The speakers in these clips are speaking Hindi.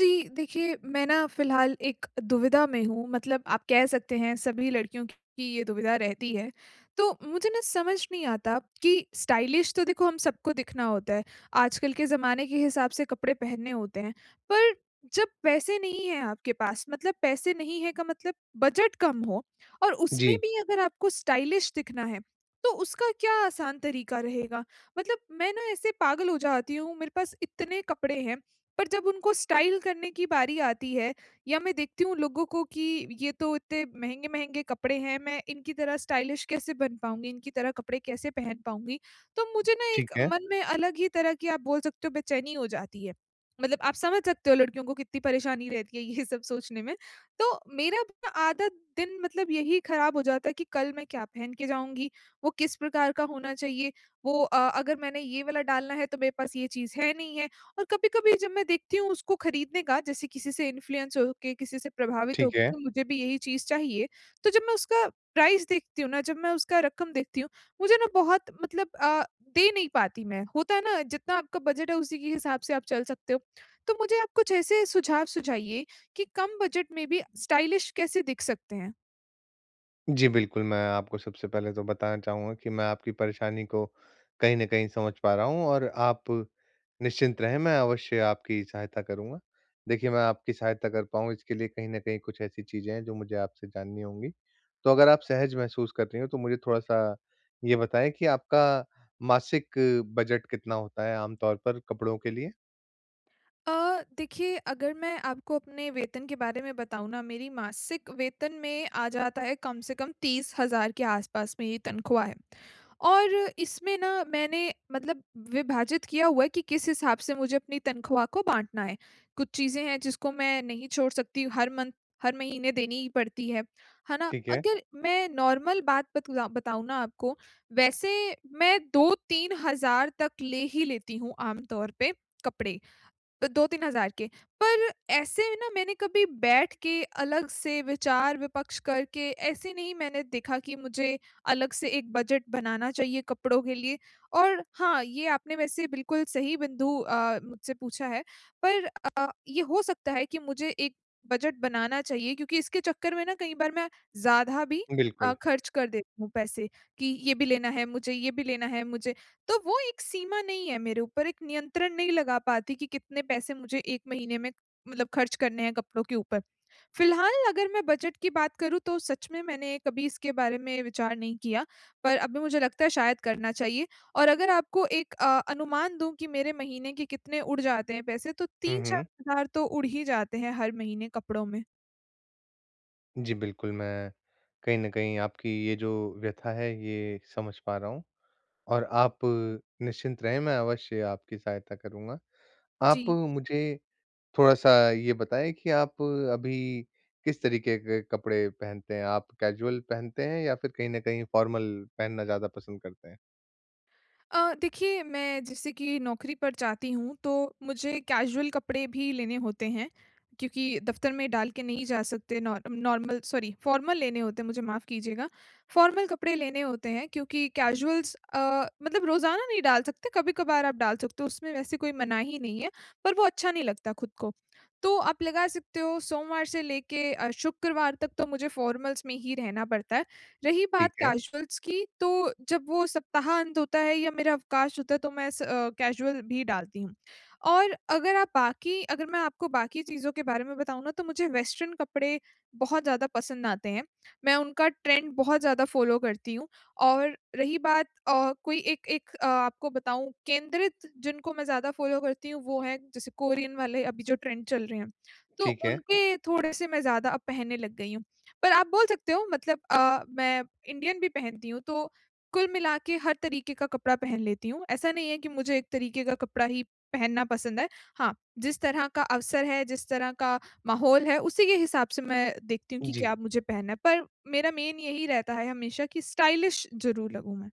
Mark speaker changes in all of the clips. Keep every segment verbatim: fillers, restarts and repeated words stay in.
Speaker 1: जी, देखिए मैं ना फिलहाल एक दुविधा में हूँ मतलब आप कह सकते हैं सभी लड़कियों की ये दुविधा रहती है। तो मुझे ना समझ नहीं आता कि स्टाइलिश तो देखो हम सबको दिखना होता है, आजकल के ज़माने के हिसाब से कपड़े पहनने होते हैं, पर जब पैसे नहीं है आपके पास मतलब पैसे नहीं है का मतलब बजट कम हो और उसमें
Speaker 2: जी।
Speaker 1: भी अगर आपको स्टाइलिश दिखना है, तो उसका क्या आसान तरीका रहेगा? मतलब मैं ना ऐसे पागल हो जाती हूँ, मेरे पास इतने कपडे हैं पर जब उनको स्टाइल करने की बारी आती है, या मैं देखती हूँ लोगों को कि ये तो इतने महँगे-महँगे कपड़े हैं मैं इनकी तरह स्टाइलिश कैसे बन पाऊँगी, इनकी तरह कपड़े कैसे पहन पाऊँगी? तो मुझे ना
Speaker 2: ठीक
Speaker 1: एक
Speaker 2: है।
Speaker 1: मन में अलग ही तरह की आप बोल सकते हो बेचैनी हो जाती है। मतलब आप समझ सकते हो लड़कियों को कितनी परेशानी रहती है ये सब सोचने में। तो मेरा ना आधा दिन मतलब यही खराब हो जाता है कि कल मैं क्या पहन के जाऊँगी? वो किस प्रकार का होना चाहिए, वो अ, अगर मैंने ये वाला डालना है तो मेरे पास ये चीज़ है नहीं है और कभी-कभी जब मैं देखती हूँ उसको खरीदने का, जैसे किसी से इन्फ्लुएंस हो के किसी से प्रभावित
Speaker 2: ठीक है।
Speaker 1: होके मुझे भी यही चीज़ चाहिए, तो जब मैं उसका प्राइस देखती हूँ ना जब मैं उसका रकम देखती हूँ, मुझे ना बहुत मतलब अ, दे नहीं पाती मैं, होता है ना जितना आपका बजट है उसी के हिसाब से आप चल सकते हो। तो मुझे आप कुछ ऐसे सुझाव सुझाइए, कि कम बजट में भी स्टाइलिश कैसे दिख सकते हैं?
Speaker 2: जी, बिल्कुल, मैं आपको सबसे पहले तो बताना चाहूँगा कि मैं आपकी परेशानी को कहीं न कहीं समझ पा रहा हूँ और आप निश्चिंत रहें, मैं अवश्य आपकी सहायता करूँगा। देखिए, मैं आपकी सहायता कर पाऊँ, इसके लिए कहीं न कहीं कुछ ऐसी चीज़ें हैं, जो मुझे आपसे जाननी होंगी। तो अगर आप सहज महसूस कर रही हों, तो मुझे थोड़ा-सा ये बताएँ कि आपका मासिक बजट कितना होता है आम तौर पर, कपड़ों के लिए?
Speaker 1: अ, देखिए, अगर मैं आपको अपने वेतन के बारे में बताऊँ ना, मेरी मासिक वेतन में आ जाता है, कम से कम तीस हज़ार के आसपास में ये तनख्वाह है। और इसमें ना, मैंने मतलब विभाजित किया हुआ है कि किस हिसाब से मुझे अपनी तनख्वाह को बाँटना है। कुछ चीज़ें हैं, जिसको मैं नहीं छोड़ सकती, हर मन्थ, हर महीने देनी ही पड़ती है। है ना?
Speaker 2: ठीक है।
Speaker 1: अगर मैं नॉर्मल बात बतुँदा बताऊँ ना आपको, वैसे मैं दो तीन हज़ार तक ले ही लेती हूँ आम तौर पे, कपड़े अ, दो तीन हज़ार के। पर ऐसे में ना, मैंने कभी बैठ के, अलग से विचार-विपक्ष करके, ऐसे नहीं मैंने देखा कि मुझे अलग से एक बजट बनाना चाहिए कपड़ों के लिए, और हाँ, ये आपने वैसे बिल्कुल सही बिंदु अ, मुझसे पूछा है। पर अ, ये हो सकता है कि मुझे एक बजट बनाना चाहिए, क्योंकि इसके चक्कर में ना कई बार मैं ज़्यादा भी अ,
Speaker 2: बिल्कुल।
Speaker 1: खर्च कर देती हूँ पैसे, कि ये भी लेना है, मुझे ये भी लेना है मुझे। तो वो एक सीमा नहीं है मेरे ऊपर, एक नियंत्रण नहीं लगा पाती कि कितने पैसे मुझे एक महीने में मतलब खर्च करने है कपड़ों के ऊपर। फिलहाल अगर मैं बजट की बात करूँ, तो सच में मैंने कभी इसके बारे में विचार नहीं किया। पर अभी मुझे लगता है, शायद करना चाहिए और अगर आपको एक अ, अनुमान दूँ कि मेरे महीने के कितने उड़ जाते हैं पैसे, तो
Speaker 2: हुँ,
Speaker 1: तीन चार
Speaker 2: हुँ।
Speaker 1: हज़ार तो उड़ ही जाते हैं हर महीने कपड़ों में।
Speaker 2: जी, बिल्कुल, मैं कहीं न कहीं आपकी ये जो व्यथा है, ये समझ पा रहा हूँ और आप निश्चिंत रहें मैं अवश्य आपकी सहायता करूँगा। आप
Speaker 1: जी।
Speaker 2: मुझे थोड़ा-सा ये बताएँ कि आप अभी किस तरीके के कपड़े पहनते हैं? आप कैज़ुअल पहनते हैं या फिर कहीं न कहीं फ़ॉर्मल पहनना ज़्यादा पसंद करते हैं?
Speaker 1: अ, देखिए, मैं जैसे कि नौकरी पर जाती हूँ तो मुझे कैज़ुअल कपड़े भी लेने होते हैं क्योंकि दफ़्तर में डाल के नहीं जा सकते नॉ नॉर्मल सॉरी फ़ॉर्मल लेने होते हैं मुझे माफ कीजिएगा। फ़ॉर्मल कपड़े लेने होते हैं क्योंकि कैज़ुअल्स अ, मतलब रोज़ाना नहीं डाल सकते। कभी-कभार आप डाल सकते हो, उसमें वैसे कोई मनाही नहीं है, पर वो अच्छा नहीं लगता खुद को। तो आप लगा सकते हो सोमवार से लेके अ, शुक्रवार तक तो मुझे फ़ॉर्मल्स में ही रहना पड़ता है। रही
Speaker 2: ठीक
Speaker 1: बात
Speaker 2: है।
Speaker 1: कैज़ुअल्स की तो जब वो सप्ताह अंत होता है या मेरा अवकाश होता है तो मैं स अ, कैज़ुअल भी डालती हूँ और अगर आप बाकी अगर मैं आपको बाकी चीज़ों के बारे में बताऊँ ना तो मुझे वेस्टर्न कपड़े बहुत ज़्यादा पसंद आते हैं। मैं उनका ट्रेंड बहुत ज़्यादा फ़ॉलो करती हूँ और रही बात अ, कोई एक एक अ, आपको बताऊँ केंद्रित जिनको मैं ज़्यादा फ़ॉलो करती हूँ, वो हैं जैसे कोरियन वाले अभी जो ट्रेंड चल रहे हैं। तो
Speaker 2: ठीक है।
Speaker 1: उनके थोड़े-से मैं ज़्यादा अब पहनने लग गई हूँ, पर आप बोल सकते हो मतलब अ, मैं इंडियन भी पहनती हूँ। तो कुल मिला के हर तरीके का कपड़ा पहन लेती हूँ। ऐसा नहीं है कि मुझे एक तरीके का कपड़ा ही पहनना पसंद है। हाँ, जिस तरह का अवसर है, जिस तरह का माहौल है, उसी के हिसाब से मैं देखती हूँ कि
Speaker 2: जी।
Speaker 1: क्या मुझे पहनना है, पर मेरा मेन यही रहता है हमेशा कि स्टाइलिश ज़रूर लगूँ मैं।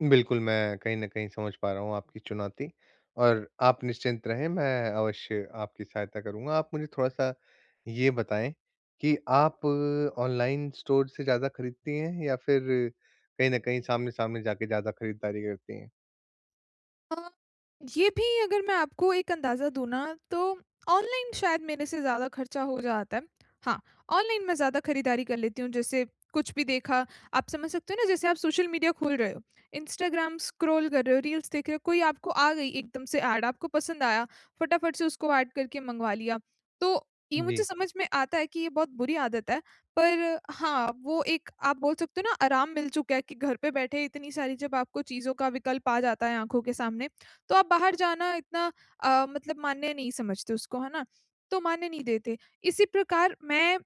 Speaker 2: बिल्कुल, मैं कहीं न कहीं समझ पा रहा हूँ आपकी चुनौती, और आप निश्चिंत रहें, मैं अवश्य आपकी सहायता करूँगा। आप मुझे थोड़ा-सा ये बताएँ कि आप ऑनलाइन स्टोर से ज़्यादा खरीदती हैं, या फिर कहीं न कहीं सामने-सामने जाके ज़्यादा खरीदारी करती हैं?
Speaker 1: अ, जी, अभी अगर मैं आपको एक अंदाज़ा दूँ ना, तो ऑनलाइन शायद मेरे से ज़्यादा खर्चा हो जाता है। हाँ, ऑनलाइन मैं ज़्यादा खरीदारी कर लेती हूँ, जैसे कुछ भी देखा, आप समझ सकते हो ना, जैसे आप सोशल मीडिया खोल रहे हो, इंस्टाग्राम स्क्रॉल कर रहे हो, रील्स देख रहे हो, कोई आपको आ गई एकदम से ऐड, आपको पसंद आया, फटाफट से उसको एड करके मँगवा लिया। तो ये मुझे
Speaker 2: जी।
Speaker 1: समझ में आता है कि ये बहुत बुरी आदत है, पर हाँ, वो एक आप बोल सकते हो ना, आराम मिल चुका है कि घर पे बैठे इतनी सारी जब आपको चीज़ों का विकल्प आ जाता है आँखों के सामने, तो आप बाहर जाना इतना अ, मतलब मान्य नहीं समझते उसको, है ना? तो मान्य नहीं देते। इसी प्रकार मैं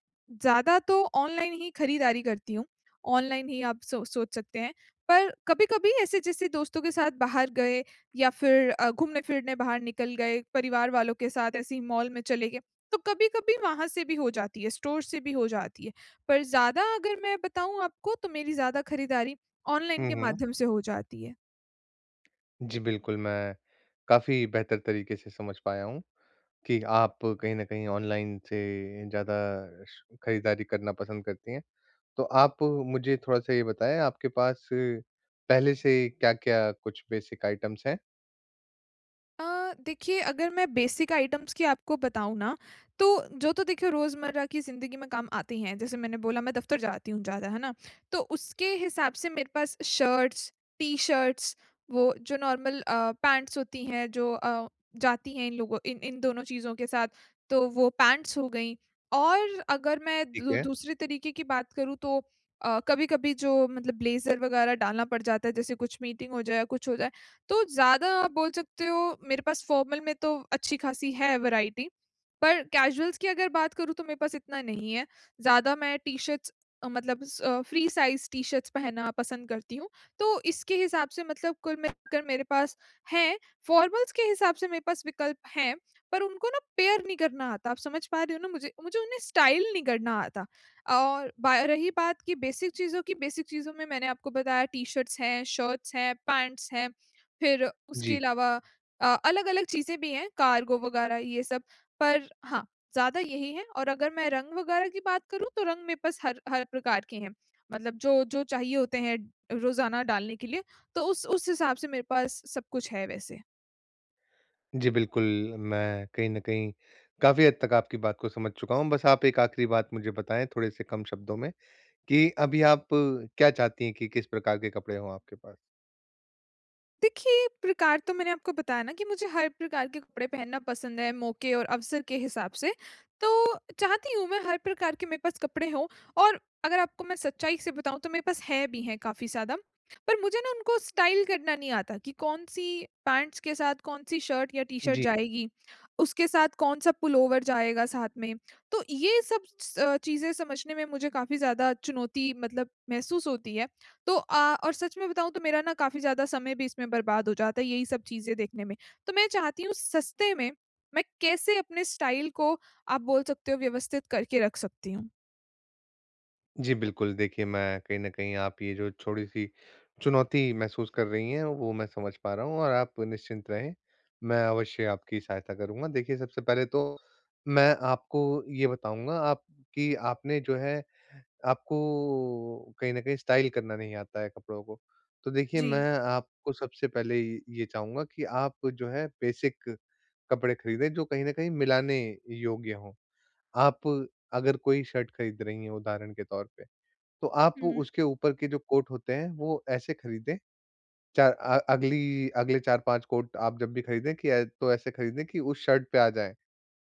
Speaker 1: ज़्यादा तो ऑनलाइन ही खरीदारी करती हूँ। ऑनलाइन ही आप सो सोच सकते हैं। पर कभी-कभी ऐसे जैसे दोस्तों के साथ बाहर गए, या फिर अ, घूमने-फिरने बाहर निकल गए, परिवार वालों के साथ ऐसे ही मॉल में चले गए, तो कभी-कभी वहाँ से भी हो जाती है, स्टोर से भी हो जाती है। पर ज़्यादा अगर मैं बताऊँ आपको, तो मेरी ज़्यादा खरीदारी ऑनलाइन
Speaker 2: हुँ,
Speaker 1: के
Speaker 2: हुँ।
Speaker 1: माध्यम से हो जाती है।
Speaker 2: जी, बिल्कुल, मैं काफ़ी बेहतर तरीके से समझ पाया हूँ कि आप कहीं न कहीं ऑनलाइन से ज़्यादा श खरीदारी करना पसंद करती हैं। तो आप मुझे थोड़ा-सा ये बताएँ, आपके पास पहले से क्या-क्या कुछ बेसिक आइटम्स हैं?
Speaker 1: अ, देखिए अगर मैं बेसिक आइटम्स की आपको बताऊँ ना, तो जो तो देखिए रोज़मर्रा की जिंदगी में काम आते ही हैं। जैसे मैंने बोला, मैं दफ़्तर जाती हूँ ज़्यादा, है ना? तो उसके हिसाब से मेरे पास शर्ट्स, टी-शर्ट्स, वो जो नॉर्मल अ, पैंट्स होती हैं जो अ, जाती हैं इन लोगों इन इन दोनों चीज़ों के साथ, तो वो पैंट्स हो गईं। और अगर मैं
Speaker 2: ठीक
Speaker 1: दू
Speaker 2: है।
Speaker 1: दूसरे तरीके की बात करूँ तो अ, कभी-कभी जो मतलब ब्लेज़र वगैरह डालना पड़ जाता है जैसे कुछ मीटिंग हो जाए या कुछ हो जाए। तो ज़्यादा आप बोल सकते हो, मेरे पास फॉर्मल में तो अच्छी खासी है वेराइटी, पर कैजुअल्स की अगर बात करूँ तो मेरे पास इतना नहीं है। ज़्यादा मैं टी शर्ट्स अ, मतलब स फ्री साइज़ टी-शर्ट्स पहनना पसंद करती हूँ। तो इसके हिसाब से मतलब कुल मिलकर मेरे पास हैं। फॉर्मल्स के हिसाब से मेरे पास विकल्प हैं, पर उनको ना पैयर नहीं करना आता, आप समझ पा रहे हो ना मुझे, मुझे उन्हें स्टाइल नहीं करना आता। और बा रही बात कि बेसिक चीज़ों की, बेसिक चीज़ों में मैंने आपको बताया टी-शर्ट्स हैं, शर्ट्स हैं, पैंट्स हैं, फिर उसके
Speaker 2: जी।
Speaker 1: अलावा अ, अलग-अलग चीज़ें भी हैं, कार्गो वगैरह ये सब, पर हाँ, ज़्यादा यही हैं। और अगर मैं रंग वगैरह की बात करूँ, तो रंग मेरे पास हर हर प्रकार के हैं। मतलब जो-जो चाहिए होते हैं रोज़ाना डालने के लिए, तो उस-उस हिसाब से मेरे पास सब कुछ है वैसे।
Speaker 2: जी, बिल्कुल, मैं कहीं न कहीं काफ़ी हद तक आपकी बात को समझ चुका हूँ। बस आप एक आखिरी बात मुझे बताएँ थोड़े-से कम शब्दों में, कि अभी आप क्या चाहती हैं कि किस प्रकार के कपड़े हों आपके पास?
Speaker 1: देखिए, प्रकार तो मैंने आपको बताया ना कि मुझे हर प्रकार के कपड़े पहनना पसंद है, मौके और अवसर के हिसाब से। तो चाहती हूँ मैं, हर प्रकार के मेरे पास कपड़े हों और अगर आपको मैं सच्चाई से बताऊँ, तो मेरे पास हैं भी हैं काफ़ी ज़्यादा। पर मुझे ना उनको स्टाइल करना नहीं आता कि कौन-सी पैंट्स के साथ कौन-सी शर्ट या टी-शर्ट
Speaker 2: जी।
Speaker 1: जाएगी। उसके साथ कौन-सा पुल ओवर जाएगा साथ में। तो ये सब स अ, चीज़ें समझने में मुझे काफ़ी ज़्यादा चुनौती मतलब महसूस होती है। तो अ, और सच में बताऊँ, तो मेरा ना काफ़ी ज़्यादा समय भी इसमें बर्बाद हो जाता है, यही सब चीज़ें देखने में। तो मैं चाहती हूँ सस्ते में मैं कैसे अपने स्टाइल को, आप बोल सकते हो, व्यवस्थित करके रख सकती हूँ?
Speaker 2: जी बिल्कुल, देखिए, मैं कहीं न कहीं आप ये जो छोटी-सी चुनौती महसूस कर रही हैं, वो मैं समझ पा रहा हूँ और आप निश्चिंत रहें। मैं अवश्य आपकी सहायता करूँगा। देखिए, सबसे पहले तो मैं आपको ये बताऊँगा, आपकी आपने जो है आपको कहीं न कहीं स्टाइल करना नहीं आता है कपड़ों को। तो देखिए,
Speaker 1: जी।
Speaker 2: मैं आपको सबसे पहले ये ये चाहूँगा कि आप जो हैं बेसिक कपड़े खरीदें, जो कहीं न कहीं मिलाने योग्य हों। आप अगर कोई शर्ट खरीद रही हैं, उदाहरण के तौर पे, तो आप
Speaker 1: हुँ।
Speaker 2: उसके ऊपर के जो कोट होते हैं, वो ऐसे खरीदें, चार अ, अगली अगले चार पाँच कोट आप जब भी खरीदें कि ऐ तो ऐसे खरीदें कि उस शर्ट पे आ जाएँ।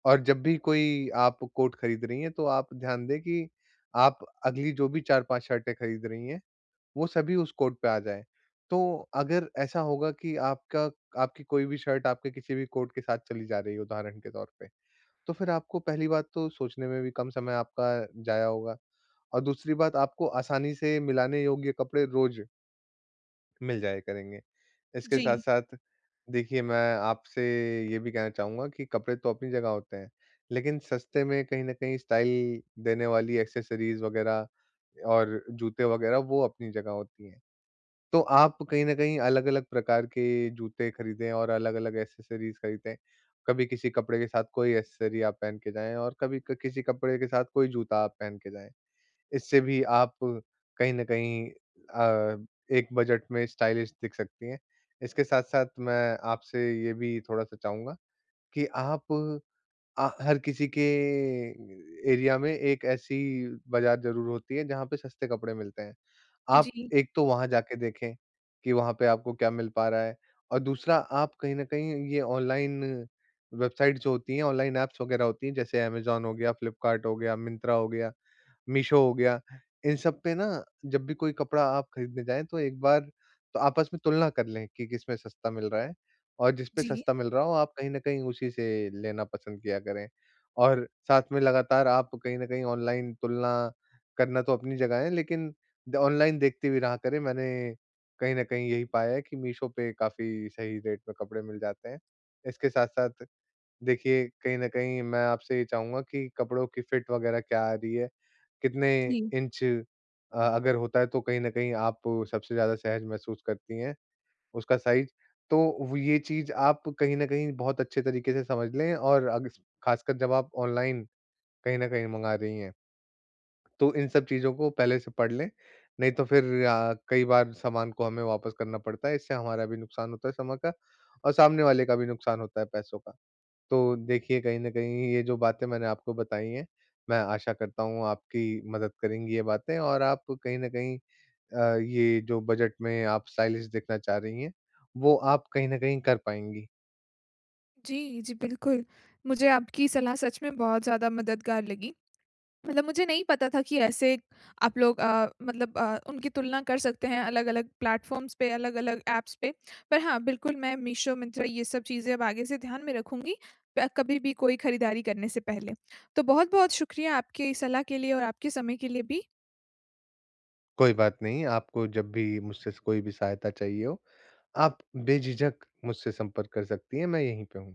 Speaker 2: और जब भी कोई आप को कोट खरीद रही हैं, तो आप ध्यान दें कि आप अगली जो भी चार पाँच शर्टें खरीद रही हैं, वो सभी उस कोट पे आ जाएँ। तो अगर ऐसा होगा कि आपका आपकी कोई भी शर्ट आपके किसी भी कोट के साथ चली जा रही है, उदाहरण के तौर पे, तो फिर आपको पहली बात तो सोचने में भी कम समय आपका ज़ाया होगा और दूसरी बात, आपको आसानी से मिलाने योग्य कपड़े रोज़ मिल जाया करेंगे। इसके
Speaker 1: जी।
Speaker 2: साथ-साथ देखिए, मैं आपसे ये भी कहना चाहूँगा कि कपड़े तो अपनी जगह होते हैं, लेकिन सस्ते में कहीं न कहीं स्टाइल देने वाली एक्सेसरीज वगैरह और जूते वगैरह, वो अपनी जगह होती हैं। तो आप कहीं न कहीं अलग-अलग प्रकार के जूते खरीदें और अलग-अलग एक्सेसरीज खरीदें। कभी किसी कपड़े के साथ कोई एक्सेसरी आप पहन के जाएँ और कभी क किसी कपड़े के साथ कोई जूता आप पहन के जाएँ। इससे भी आप कहीं न कहीं अ, एक बजट में स्टाइलिश दिख सकती हैं। इसके साथ-साथ मैं आपसे ये भी थोड़ा-सा चाहूँगा कि आप आ हर किसी के एरिया में एक ऐसी बाज़ार ज़रूर होती है जहाँ पे सस्ते कपड़े मिलते हैं, आप
Speaker 1: जी।
Speaker 2: एक तो वहाँ जाके देखें कि वहाँ पे आपको क्या मिल पा रहा है। और दूसरा आप कहीं न कहीं ये ऑनलाइन वेबसाइट्स जो होती हैं, ऑनलाइन ऐप्स वगैरह होती हैं, जैसे अमेज़न हो गया, फ्लिपकार्ट हो गया, मिंत्रा हो गया, मीशो हो गया, इन सब पे ना जब भी कोई कपड़ा आप खरीदने जाएँ, तो एक बार तो आपस में तुलना कर लें कि किसमें सस्ता मिल रहा है, और जिस पे
Speaker 1: जी।
Speaker 2: सस्ता मिल रहा हो, आप कहीं न कहीं उसी से लेना पसंद किया करें। और साथ में लगातार आप कहीं न कहीं ऑनलाइन तुलना करना तो अपनी जगह है, लेकिन द ऑनलाइन देखतीं भी रहा करें, मैंने कहीं न कहीं यही पाया है कि मीशो पे काफ़ी सही रेट पे कपड़े मिल जाते हैं। इसके साथ-साथ देखिए, कहीं न कहीं मैं आपसे ये चाहूँगा कि कपड़ों की फ़िट वगैरह क्या आ रही है, कितने
Speaker 1: जी।
Speaker 2: इंच अ अगर होता है तो कहीं न कहीं आप सबसे ज़्यादा सहज महसूस करती हैं, उसका साइज़। तो व चीज़ आप कहीं न कहीं बहुत अच्छे तरीके से समझ लें, और अग्स ख़ासकर जब आप ऑनलाइन कहीं न कहीं मँगा रही हैं। तो इन सब चीज़ों को पहले से पढ़ लें, नहीं तो फिर आ कई बार सामान को हमें वापस करना पड़ता है, इससे हमारा भी नुकसान होता है समय का, और सामने वाले का भी नुकसान होता है पैसों का। तो देखिए, कहीं न कहीं ये जो बातें मैंने आपको बताईं हैं, मैं आशा करता हूँ, आपकी मदद करेंगी ये बातें और आप कहीं न कहीं अ, ये जो बजट में आप स्टाइलिश देखना चाह रही हैं, वो आप कहीं न कहीं कर पाएँगी।
Speaker 1: जी, जी, बिल्कुल। मुझे आपकी सलाह सच में बहुत ज़्यादा मददगार लगी। मतलब मुझे नहीं पता था कि ऐसे आप लोग अ, मतलब अ, उनकी तुलना कर सकते हैं, अलग अलग प्लेटफ़ॉर्म्स पे, अलग अलग ऐप्स पे। पर हाँ, बिल्कुल, मैं मीशो, मिंत्रा, ये सब चीज़ें अब आगे से ध्यान में रखूँगी प कभी भी कोई खरीदारी करने से पहले। तो बहुत-बहुत शुक्रिया आपकी सलाह के लिए और आपके समय के लिए भी।
Speaker 2: कोई बात नहीं, आपको जब भी मुझसे स कोई भी सहायता चाहिए हो, आप बेझिझक मुझसे संपर्क कर सकती हैं, मैं यहीं पे हूँ।